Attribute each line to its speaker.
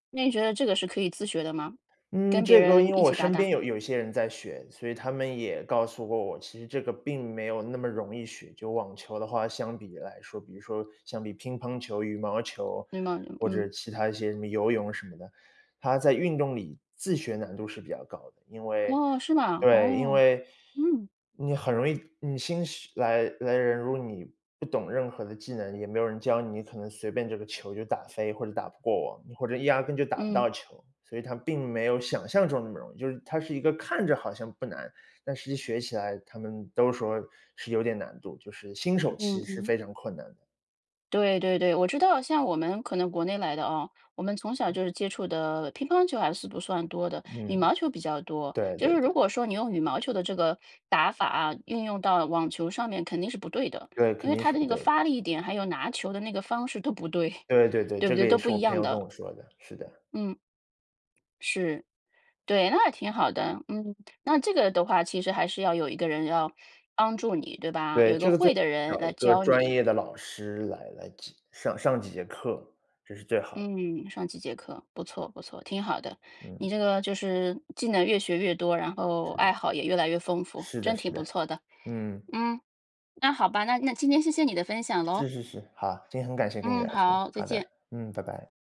Speaker 1: 那你觉得这个是可以自学的吗？
Speaker 2: 嗯，
Speaker 1: 跟别
Speaker 2: 这个
Speaker 1: 人
Speaker 2: 因为
Speaker 1: 一
Speaker 2: 我
Speaker 1: 起搭
Speaker 2: 身边
Speaker 1: 档。
Speaker 2: 有有一些人在学，所以他们也告诉过我其实这个并没有那么容易学，就网球的话相比来说，比如说相比乒乓球、羽毛球，
Speaker 1: 嗯呐，
Speaker 2: 或者
Speaker 1: 嗯。
Speaker 2: 其它一些游泳什么的，它在运动里自学难度是比较高的。因为
Speaker 1: 哦，是吗？
Speaker 2: 对，因
Speaker 1: 哦，
Speaker 2: 为
Speaker 1: 嗯。
Speaker 2: 你很容易，你新手来来人如果你不懂任何的技能，也没有人教你，你可能随便这个球就打飞或者打不过网，你或者压根就打不到
Speaker 1: 嗯。
Speaker 2: 球。所以它并没有想象中那么容易，就是它是一个看着好像不难，但实际学起来他们都说是有点难度，就是新手其
Speaker 1: 嗯
Speaker 2: 实是
Speaker 1: 嗯。
Speaker 2: 非常困难的。
Speaker 1: 对对对，我知道像我们可能国内来的哦，我们从小就是接触的乒乓球还是不算多的，羽
Speaker 2: 嗯。
Speaker 1: 毛球比较多。
Speaker 2: 对
Speaker 1: 就
Speaker 2: 对
Speaker 1: 是如
Speaker 2: 对。
Speaker 1: 果说你用羽毛球的这个打法啊，运用到网球上面肯定是不对的，
Speaker 2: 对，
Speaker 1: 因
Speaker 2: 肯
Speaker 1: 为
Speaker 2: 定
Speaker 1: 它
Speaker 2: 是
Speaker 1: 的
Speaker 2: 不
Speaker 1: 那
Speaker 2: 对
Speaker 1: 个
Speaker 2: 的。
Speaker 1: 发力点，还有拿球的那个方式都不对。
Speaker 2: 对对对，
Speaker 1: 对不
Speaker 2: 这
Speaker 1: 对？
Speaker 2: 个也
Speaker 1: 都不
Speaker 2: 是我
Speaker 1: 一
Speaker 2: 朋
Speaker 1: 样
Speaker 2: 友跟
Speaker 1: 的。
Speaker 2: 我说的，是的。
Speaker 1: 嗯。是。对，那还挺好的。嗯，那这个的话，其实还是要有一个人要帮助你，对吧？有
Speaker 2: 对，
Speaker 1: 一个
Speaker 2: 这个最
Speaker 1: 会
Speaker 2: 好
Speaker 1: 的人
Speaker 2: 找一
Speaker 1: 来
Speaker 2: 个
Speaker 1: 教
Speaker 2: 专
Speaker 1: 你。
Speaker 2: 业的老师来来上上几节课，这是最好的。
Speaker 1: 嗯，上几节课，不错不错，挺好的。你
Speaker 2: 嗯。
Speaker 1: 这个就是技能越学越多，然后
Speaker 2: 是
Speaker 1: 爱
Speaker 2: 的。
Speaker 1: 好也越来越丰富，
Speaker 2: 是的
Speaker 1: 真挺
Speaker 2: 是
Speaker 1: 不
Speaker 2: 的，
Speaker 1: 错的。
Speaker 2: 嗯。
Speaker 1: 嗯，那好吧，那那今天谢谢你的分享
Speaker 2: 是
Speaker 1: 咯。
Speaker 2: 是是，好，今天很感谢跟你
Speaker 1: 嗯，
Speaker 2: 聊天，
Speaker 1: 好，再
Speaker 2: 好的，
Speaker 1: 见。
Speaker 2: 嗯，拜拜。